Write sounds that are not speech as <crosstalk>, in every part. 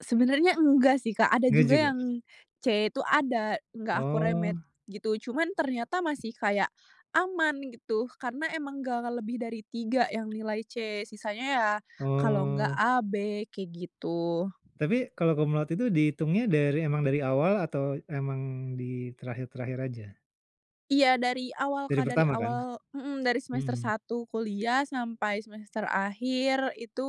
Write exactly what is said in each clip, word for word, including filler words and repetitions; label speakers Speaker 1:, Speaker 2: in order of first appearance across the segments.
Speaker 1: Sebenernya enggak sih, Kak, ada
Speaker 2: Nggak
Speaker 1: juga
Speaker 2: juga?
Speaker 1: yang C itu ada, nggak aku remed
Speaker 2: Oh.
Speaker 1: gitu. Cuman ternyata masih kayak aman gitu karena emang nggak lebih dari tiga yang nilai C sisanya ya, kalo nggak
Speaker 2: Oh.
Speaker 1: A, B kayak gitu.
Speaker 2: Tapi kalau cum laude itu dihitungnya dari emang dari awal atau emang di terakhir-terakhir aja?
Speaker 1: Iya dari awal,
Speaker 2: Dari
Speaker 1: Kak, dari
Speaker 2: pertama kan?
Speaker 1: awal mhm, dari semester
Speaker 2: Mhm.
Speaker 1: satu kuliah sampai semester akhir itu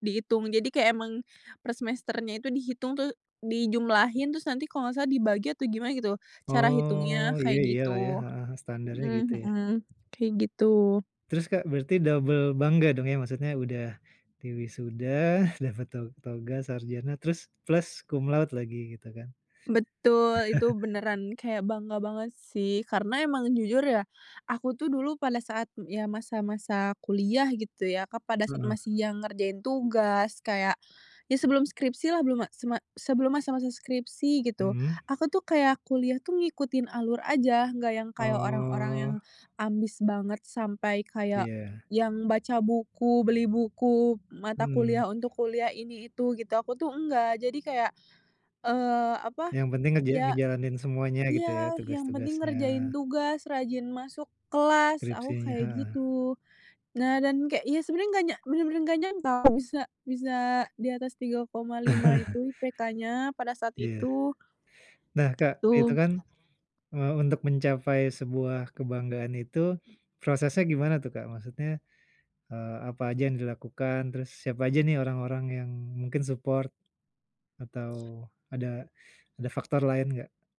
Speaker 1: dihitung, jadi kayak emang per semesternya itu dihitung tuh dijumlahin terus nanti kalau nggak salah dibagi atau gimana gitu, cara hitungnya
Speaker 2: Oh iya
Speaker 1: kayak
Speaker 2: iyalah ya,
Speaker 1: gitu.
Speaker 2: heeh, standarnya gitu
Speaker 1: Mhm
Speaker 2: ya.
Speaker 1: mhm, kayak gitu.
Speaker 2: Terus, Kak, berarti double bangga dong ya maksudnya udah diwisuda, dapat to toga, sarjana terus plus cum laude lagi gitu kan.
Speaker 1: Betul, itu
Speaker 2: <chuckles>
Speaker 1: beneran kayak bangga banget sih, karena emang jujur ya, aku tuh dulu pada saat ya masa-masa kuliah gitu ya, Kak, pada saat
Speaker 2: Heeh.
Speaker 1: masih yang ngerjain tugas, kayak ya sebelum skripsilah, belum ma sema sebelum masa-masa skripsi gitu,
Speaker 2: Mhm.
Speaker 1: aku tuh kayak kuliah tuh ngikutin alur aja nggak yang kayak orang-orang yang
Speaker 2: Oh.
Speaker 1: ambis banget sampai kayak
Speaker 2: Iya.
Speaker 1: yang baca buku, beli buku mata kuliah
Speaker 2: Mmm.
Speaker 1: untuk kuliah ini itu gitu aku tuh enggak jadi kayak, eee, apa
Speaker 2: Yang penting ngeja
Speaker 1: ya
Speaker 2: ngejalanin semuanya gitu ya,
Speaker 1: iya yang penting
Speaker 2: tugas-tugasnya.
Speaker 1: ngerjain tugas, rajin masuk kelas aku
Speaker 2: Skripsinya,
Speaker 1: kayak
Speaker 2: heeh.
Speaker 1: gitu. Nah, dan kayak ya sebenarnya nggak nya bener-bener nggak nyangka bisa bisa di atas tiga koma lima itu IPK-nya pada saat
Speaker 2: Iya.
Speaker 1: itu.
Speaker 2: Nah, Kak, itu
Speaker 1: Gitu.
Speaker 2: kan, eee, untuk mencapai sebuah kebanggaan itu prosesnya gimana tuh, Kak? Maksudnya, eee, apa aja yang dilakukan, terus siapa aja nih orang-orang yang mungkin support, atau ada ada faktor lain nggak?